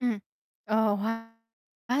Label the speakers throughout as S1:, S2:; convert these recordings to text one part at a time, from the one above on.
S1: Ừm, ờ, hoá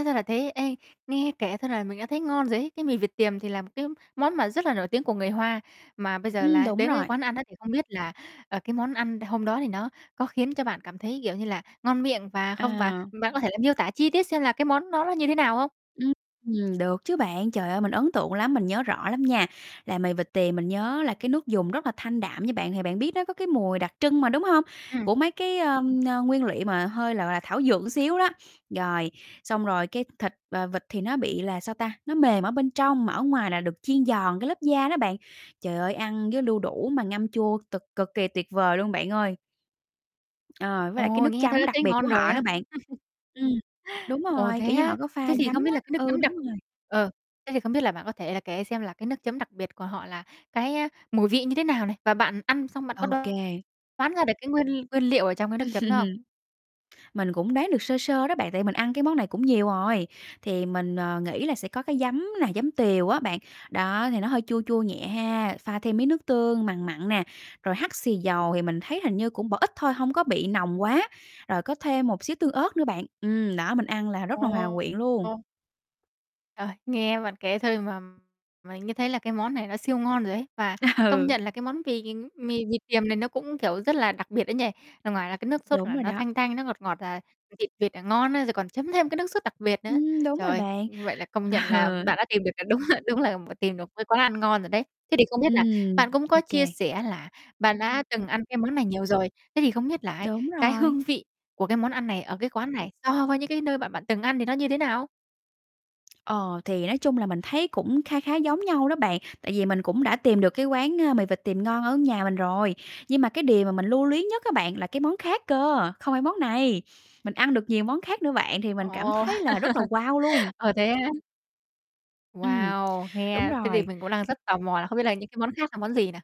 S1: ra là thế. Ê, nghe kể thôi là mình đã thấy ngon rồi ấy! Cái mì vịt tiềm thì là một cái món mà rất là nổi tiếng của người Hoa, mà bây giờ
S2: Ừm,
S1: là
S2: đúng
S1: đến với
S2: rồi.
S1: quán ăn đó thì không biết là, ờ, cái món ăn đ hôm đó thì nó có khiến cho bạn cảm thấy, kiểu như là, ngon miệng và không và
S2: À.
S1: bạn có thể miêu tả chi tiết xem là cái món đó nó như thế nào hông?
S2: Ưm, ừm, được chứ bạn, trời ơi, mình ấn tượng lắm, mình nhớ rõ lắm nha. Là mì vịt tiềm mình nhớ là cái nước dùng rất là thanh đạm nha bạn, thì bạn biết nó có cái mùi đặc trưng mà, đúng hông?
S1: Ừm.
S2: Của mấy cái, ờm, nguyên liệu mà hơi, gọi là, thảo dược một xíu đó. Rồi, xong rồi cái thịt, ờ, vịt thì nó bị là, sao ta, nó mềm ở bên trong mà ở ngoài là được chiên giòn, cái lớp da đó bạn. Trời ơi, ăn với đu đủ mà ngâm chua, cực cực kỳ tuyệt vời luôn bạn ơi! Ờ, với lại cái
S1: Ồ!
S2: nước
S1: Nghe thôi
S2: chấm
S1: đã
S2: đặc
S1: thấy
S2: biệt
S1: ngon
S2: của
S1: rồi
S2: họ nữa
S1: á.
S2: bạn. Ừm, đúng
S1: Ồ,
S2: rồi,
S1: thế
S2: kiểu như,
S1: á?
S2: họ có pha
S1: Thế thì
S2: giấm
S1: không biết
S2: á,
S1: là cái nước
S2: ừ,
S1: chấm
S2: đúng
S1: đặc
S2: rồi.
S1: ờ, thế thì không biết là bạn có thể là kể xem là cái nước chấm đặc biệt của họ là cái, a, mùi vị như thế nào này? Và bạn ăn xong, bạn có
S2: OK.
S1: đoán ra được cái nguyên nguyên liệu ở trong cái nước chấm đó không?
S2: Mình cũng đoán được sơ sơ đó bạn, tại mình ăn cái món này cũng nhiều rồi, thì mình, ờ, nghĩ là sẽ có cái giấm nà, giấm tiều á bạn, đó thì nó hơi chua chua nhẹ ha, pha thêm miếng nước tương, mằn mặn nè, rồi hắc xì dầu thì mình thấy hình như cũng bỏ ít thôi, hông có bị nồng quá, rồi có thêm một xíu tương ớt nữa bạn. Ừm, đó mình ăn là rất
S1: Ồ.
S2: là hòa quyện luôn.
S1: Trời! Nghe bạn kể thôi mà mà nghe thấy là cái món này nó siêu ngon rồi ấy, và công
S2: Ừ
S1: nhận là cái món vì, ừm mì vịt tiềm này nó cũng, kiểu, rất là đặc biệt ấy nhỉ, ở ngoài là cái nước sốt
S2: Đúng
S1: là
S2: rồi
S1: nó
S2: đó.
S1: thanh thanh, nó ngọt ngọt đ thịt vịt là ngon á, rồi còn chấm thêm cái nước sốt đặc biệt nữa.
S2: Ừm, đúng
S1: Trời
S2: rồi
S1: ơi!
S2: bạn,
S1: Vậy là công nhận
S2: ừ.
S1: là bạn đã tìm được là đúng ha đúng là một tìm được cái quán ăn ngon rồi đấy. Thế thì không biết là
S2: Ừm,
S1: bạn cũng có chia
S2: OK.
S1: sẻ là bạn đã từng ăn cái món này nhiều rồi, thế thì không biết là ấy,
S2: Đúng
S1: cái
S2: rồi.
S1: hương vị của cái món ăn này ở cái quán này so với những cái nơi mà bạn từng ăn thì nó như thế nào?
S2: Ờ, thì nói chung là mình thấy cũng kha khá giống nhau đó bạn, tại vì mình cũng đã tìm được cái, ơ, quán mì vịt tiềm ngon ở nhà mình rồi. Nhưng mà cái điều mà mình lưu luyến nhất á bạn là cái món khác cơ, không phải món này, mình ăn được nhiều món khác nữa bạn, thì mình cảm
S1: Ồ!
S2: thấy là rất là wow luôn.
S1: Ờ, thế á.
S2: Ừm,
S1: Wow!
S2: đúng
S1: Nghe thế thì
S2: rồi.
S1: mình cũng đang rất tò mò là không biết là những cái món khác là món gì nà?